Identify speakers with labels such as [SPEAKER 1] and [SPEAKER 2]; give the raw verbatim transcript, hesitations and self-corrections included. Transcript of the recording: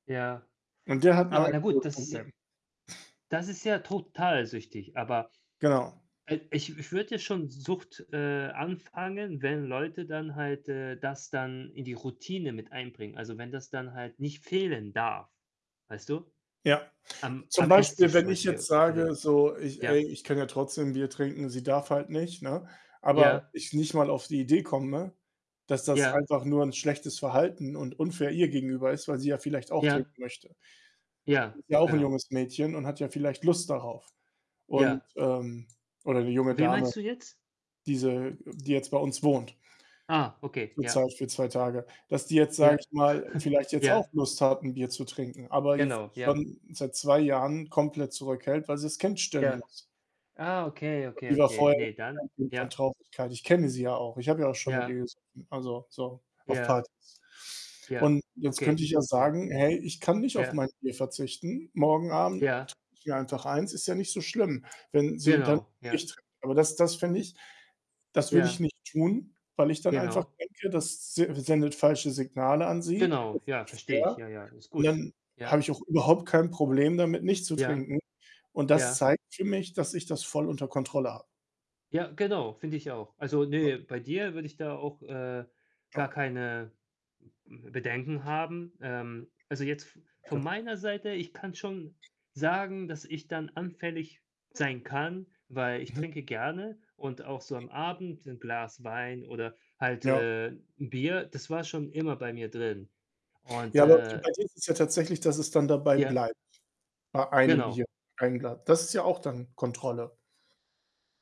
[SPEAKER 1] Ja.
[SPEAKER 2] Und der hat 'n
[SPEAKER 1] Aber na gut, das
[SPEAKER 2] Alkoholproblem.
[SPEAKER 1] das ist ja total süchtig. Aber
[SPEAKER 2] Genau.
[SPEAKER 1] i ich ich würde ja schon Sucht, äh, anfangen, wenn Leute dann halt, äh, das dann in die Routine mit einbringen. Also, wenn das dann halt nicht fehlen darf, weißt du?
[SPEAKER 2] Ja.
[SPEAKER 1] Am
[SPEAKER 2] Zum
[SPEAKER 1] am
[SPEAKER 2] Beispiel,
[SPEAKER 1] Esstisch zum
[SPEAKER 2] wenn ich jetzt
[SPEAKER 1] Beispiel oder
[SPEAKER 2] sage, so „Ich
[SPEAKER 1] ja?
[SPEAKER 2] ey, ich kann ja trotzdem 'n Bier trinken, sie darf halt nicht.“, ne, aber
[SPEAKER 1] Ja.
[SPEAKER 2] ich nicht mal auf die Idee komme, dass das
[SPEAKER 1] Ja.
[SPEAKER 2] einfach nur 'n schlechtes Verhalten und unfair ihr gegenüber ist, weil sie ja vielleicht auch trinken
[SPEAKER 1] Ja.
[SPEAKER 2] möchte.
[SPEAKER 1] Ja,
[SPEAKER 2] Sie ist ja auch 'n
[SPEAKER 1] genau.
[SPEAKER 2] junges Mädchen und hat ja vielleicht Lust darauf. Und,
[SPEAKER 1] Ja.
[SPEAKER 2] ähm oder 'ne junge
[SPEAKER 1] Wen
[SPEAKER 2] Dame,
[SPEAKER 1] meinst du jetzt?
[SPEAKER 2] diese, äh die jetzt bei uns wohnt
[SPEAKER 1] Ah, okay, ja.
[SPEAKER 2] zurzeit für zwei Tage, dass die jetzt, sage
[SPEAKER 1] Ja.
[SPEAKER 2] ich mal, vielleicht jetzt auch
[SPEAKER 1] Ja.
[SPEAKER 2] Lust hat, 'n Bier zu trinken, aber jetzt
[SPEAKER 1] Genau, ja.
[SPEAKER 2] schon seit zwei Jahren komplett zurückhält, weil sie's Kind stillen
[SPEAKER 1] Ja.
[SPEAKER 2] muss.
[SPEAKER 1] Ah, okay,
[SPEAKER 2] [unintelligible]
[SPEAKER 1] okay,
[SPEAKER 2] die war
[SPEAKER 1] okay.
[SPEAKER 2] vorher
[SPEAKER 1] Ne,
[SPEAKER 2] [unintelligible] kein
[SPEAKER 1] dann
[SPEAKER 2] Kind von
[SPEAKER 1] ja.
[SPEAKER 2] Traurigkeit. Ich kenne sie ja auch. Ich habe ja auch schon mit ihr
[SPEAKER 1] Ja.
[SPEAKER 2] gesoffen, also, so auf
[SPEAKER 1] Ja.
[SPEAKER 2] Partys
[SPEAKER 1] Ja.
[SPEAKER 2] und jetzt könnte
[SPEAKER 1] Okay.
[SPEAKER 2] ich ja
[SPEAKER 1] Ja.
[SPEAKER 2] sagen „Hey, ich kann nicht auf
[SPEAKER 1] Ja.
[SPEAKER 2] mein Bier verzichten. Morgen Abend
[SPEAKER 1] Ja.
[SPEAKER 2] [unintelligible] mir einfach eins, ist ja nicht so schlimm.“ wenn sie dann
[SPEAKER 1] Genau. Ja.
[SPEAKER 2] nicht trinkt, aber das das fände ich das würde ich
[SPEAKER 1] Ja.
[SPEAKER 2] nicht tun, weil ich dann einfach
[SPEAKER 1] Genau.
[SPEAKER 2] denke, das s sendet falsche Signale an sie. Es
[SPEAKER 1] Genau,
[SPEAKER 2] ist
[SPEAKER 1] ja,
[SPEAKER 2] nicht
[SPEAKER 1] verstehe ich.
[SPEAKER 2] fair
[SPEAKER 1] Ja, ja, ist
[SPEAKER 2] und
[SPEAKER 1] gut.
[SPEAKER 2] dann habe
[SPEAKER 1] Ja.
[SPEAKER 2] ich auch überhaupt kein Problem damit, nicht zu
[SPEAKER 1] Ja.
[SPEAKER 2] trinken und das
[SPEAKER 1] Ja.
[SPEAKER 2] zeigt für mich, dass ich das voll unter Kontrolle habe.
[SPEAKER 1] Ja, genau, finde ich auch. Also, ne, bei dir würde ich da auch, äh, gar
[SPEAKER 2] [unintelligible]
[SPEAKER 1] keine m-m Bedenken haben. Ähm, also jetzt v
[SPEAKER 2] Okay.
[SPEAKER 1] von meiner Seite, ich kann schon sagen, dass ich dann anfällig sein kann, weil ich
[SPEAKER 2] Mhm.
[SPEAKER 1] trinke gerne und auch so am Abend 'n Glas Wein oder halt,
[SPEAKER 2] Ja.
[SPEAKER 1] äh, 'n Bier, das war schon immer bei mir drin und,
[SPEAKER 2] Ja, aber di bei
[SPEAKER 1] äh
[SPEAKER 2] dir ist es ja tatsächlich, dass es dann dabei
[SPEAKER 1] Ja.
[SPEAKER 2] bleibt bei einem
[SPEAKER 1] Genau.
[SPEAKER 2] Bier, ein Glas. Das ist ja auch dann Kontrolle.